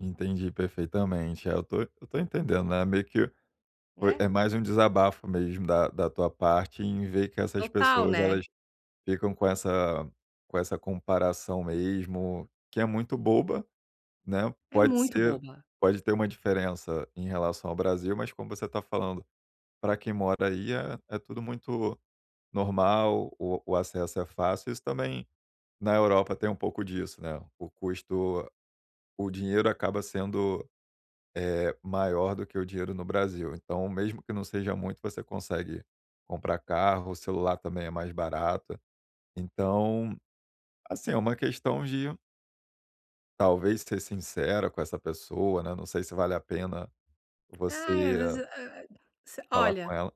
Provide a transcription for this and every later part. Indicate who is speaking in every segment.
Speaker 1: Entendi perfeitamente, é, eu tô eu tô entendendo, né, meio que, foi
Speaker 2: Né?
Speaker 1: é mais um desabafo, mesmo, da da tua parte, em ver que essas
Speaker 2: Total,
Speaker 1: pessoas
Speaker 2: né?
Speaker 1: elas ficam com essa com essa comparação, mesmo, que é muito boba, né,
Speaker 2: É
Speaker 1: pode
Speaker 2: muito
Speaker 1: ser
Speaker 2: boba.
Speaker 1: pode ter uma diferença em relação ao Brasil. Mas como você está falando, pra quem mora aí é é tudo muito normal, o o acesso é fácil, isso também na Europa tem um pouco disso, né, o custo o dinheiro acaba sendo, eh, maior do que o dinheiro no Brasil, então, mesmo que não seja muito, você consegue comprar carro, o celular também é mais barato. Então, assim, é uma questão de talvez ser sincera com essa pessoa, né, não sei se vale a pena
Speaker 2: Ai, às
Speaker 1: você
Speaker 2: vezes eu eu se
Speaker 1: falar com
Speaker 2: olha,
Speaker 1: ela.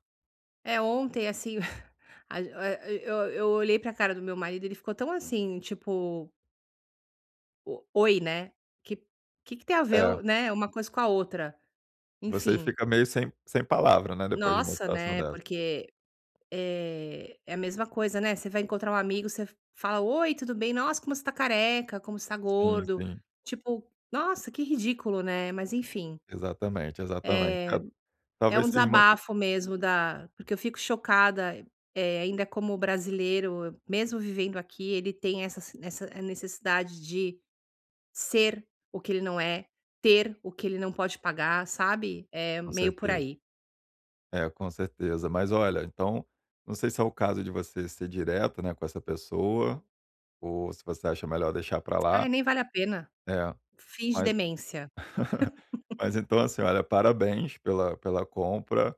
Speaker 2: eh, ontem, assim, a eh eu eu olhei pra cara do meu marido, ele ficou tão, assim, tipo O oi, né, que que tem a
Speaker 1: É.
Speaker 2: ver, né, uma coisa com a outra,
Speaker 1: Você
Speaker 2: enfim.
Speaker 1: fica meio sem sem palavra, né, depois de uma
Speaker 2: Nossa,
Speaker 1: situação
Speaker 2: né,
Speaker 1: dessa.
Speaker 2: porque, eh, é a mesma coisa, né, você vai encontrar um amigo, você fala: Oi, tudo bem? Nossa, como você está careca, como você está
Speaker 1: Sim,
Speaker 2: gordo",
Speaker 1: sim.
Speaker 2: tipo, nossa, que ridículo, né, mas enfim.
Speaker 1: Exatamente,
Speaker 2: Eh,
Speaker 1: exatamente.
Speaker 2: é
Speaker 1: Talvez
Speaker 2: um
Speaker 1: seja uma que
Speaker 2: desabafo mesmo, da porque eu fico chocada, eh, ainda, como o brasileiro, mesmo vivendo aqui, ele tem essa essa necessidade de ser o que ele não é, ter o que ele não pode pagar, sabe, é
Speaker 1: Com
Speaker 2: meio por
Speaker 1: certeza.
Speaker 2: aí.
Speaker 1: É com certeza. Mas olha, então, não sei se é o caso de você ser direto, né, com essa pessoa, ou se você acha melhor deixar pra
Speaker 2: Ai
Speaker 1: lá.
Speaker 2: nem vale a pena.
Speaker 1: É,
Speaker 2: Finge
Speaker 1: mas
Speaker 2: demência.
Speaker 1: mas então, assim, olha: parabéns pela pela compra.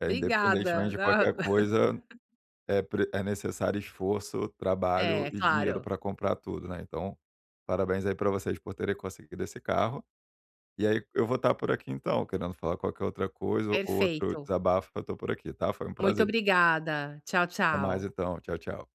Speaker 1: Eh, independentemente
Speaker 2: Obrigada,
Speaker 1: de qualquer
Speaker 2: na
Speaker 1: coisa, é pre é necessário esforço, trabalho
Speaker 2: É,
Speaker 1: e dinheiro
Speaker 2: claro.
Speaker 1: pra comprar tudo, né. Então, parabéns aí pra vocês por terem conseguido esse carro. E aí, eu vou estar por aqui, então, querendo falar qualquer outra coisa, ou outro
Speaker 2: Perfeito.
Speaker 1: desabafo, eu estou por aqui tá? Foi um
Speaker 2: Muito
Speaker 1: prazer.
Speaker 2: obrigada, tchau,
Speaker 1: Até mais,
Speaker 2: tchau.
Speaker 1: então, tchau tchau.